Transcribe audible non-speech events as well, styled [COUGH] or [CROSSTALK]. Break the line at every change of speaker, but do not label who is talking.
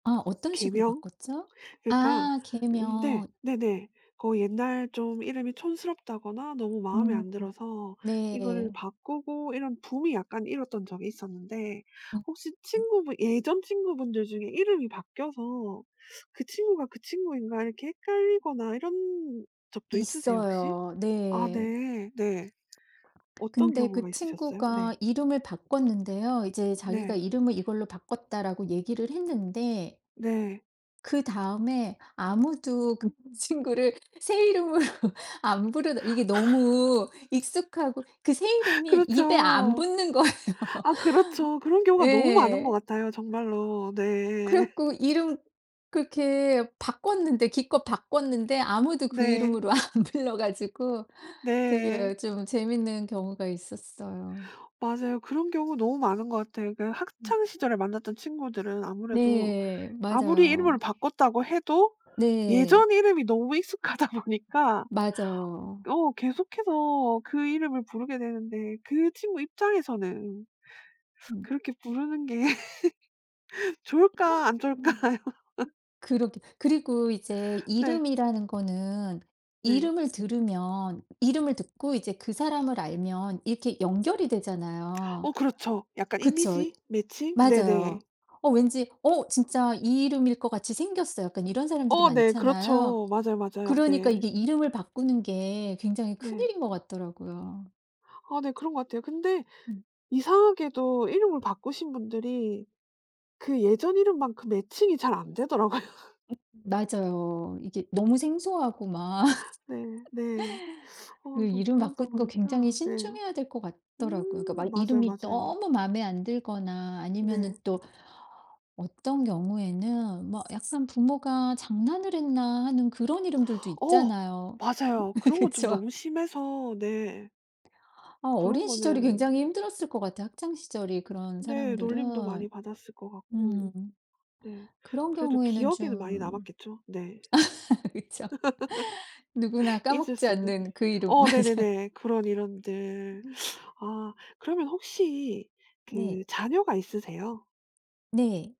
아. 어떤 식으로
개명?
바꿨죠?
그러니까
아
음 네
개명.
네네 거의 옛날 좀 이름이 촌스럽다거나 너무 마음에
음.
안 들어서 이거를
네.
바꾸고 이런 붐이 약간 일었던 적이 있었는데
음.
혹시
음.
친구분 예전 친구분들 중에 이름이 바뀌어서 '그 친구가 그 친구인가.' 이렇게 헷갈리거나 이런 적도 있으세요? 혹시?
있어요.
아
네.
네. 네. 어떤
근데
경우가
그
있으셨어요? 네.
친구가 이름을 바꿨는데요. 이제 자기가
네.
"이름을 이걸로 바꿨다."라고 얘기를 했는데
네.
그다음에 아무도 그 친구를 새 이름으로 안 부르 이게 너무 익숙하고 그 새
[LAUGHS]
이름이 입에 안
그렇죠.
붙는 거예요.
아 그렇죠. 그런
[LAUGHS]
경우가 너무 많은 것
예.
같아요 정말로.
그래
네.
갖고 이름 그렇게 바꿨는데 기껏 바꿨는데 아무도 그
네.
이름으로 안 불러 가지고 되게
네.
예 좀 재밌는 경우가 있었어요.
맞아요. 그런 경우 너무 많은 것 같아. 그
음.
학창시절에 만났던 친구들은 아무래도
네.
아무리 이름을
맞아요.
바꿨다고 해도
네.
예전 이름이 너무 익숙하다 보니까
맞아요.
어 계속해서 그 이름을 부르게 되는데 그 친구 입장에서는
음.
그렇게 부르는 게 [LAUGHS] 좋을까 안
음
좋을까요. [LAUGHS]
그러게. 그리고 이제
네.
이름이라는 거는
네.
이름을 들으면 이름을 듣고 이제 그 사람을 알면 이렇게 연결이 되잖아요.
어 그렇죠. 약간
그쵸.
이미지 매칭
맞아요.
네네.
'어 왠지 어 진짜 이 이름일 것 같이 생겼어.' 약간 이런 사람들이
어 네.
많잖아요.
그렇죠. 맞아요, 맞아요.
그러니까
네.
이게 이름을 바꾸는 게 굉장히 큰
네.
일인 것 같더라고요.
아 네. 그런 것 같아요. 근데
음.
이상하게도 이름을 바꾸신 분들이 그 예전 이름만큼 매칭이 잘 안 되더라고요.
음 맞아요. 이게 너무 생소하고 막
네. 네.
[LAUGHS]
어
그
좀
이름
그러다
바꾸는 거
보니까
굉장히
네.
신중해야 될 것 같더라고요. 그러니까
음.
막
맞아요,
이름이
맞아요.
너무 마음에 안 들거나 아니면은
네.
또 어떤 경우에는 뭐 약간 '부모가 장난을 했나.' 하는 그런 이름들도
어.
있잖아요.
맞아요. 그런
[LAUGHS]
것 좀
그쵸.
너무 심해서 네.
아
그런
어린 시절이
거는
굉장히 힘들었을 것 같아요 학창 시절이 그런
네. 놀림도
사람들은.
많이 받았을 것 같고.
음.
네.
그런
그래도
경우에는
기억에는 많이
좀
남았겠죠. 네.
[LAUGHS] 그쵸. [LAUGHS] 누구나
[LAUGHS] 잊을
까먹지
수 없는.
않는 그 이름.
어
맞아.
네네네. 그런 이름들.
으음.
아 그러면 혹시
네.
그 자녀가 있으세요?
네.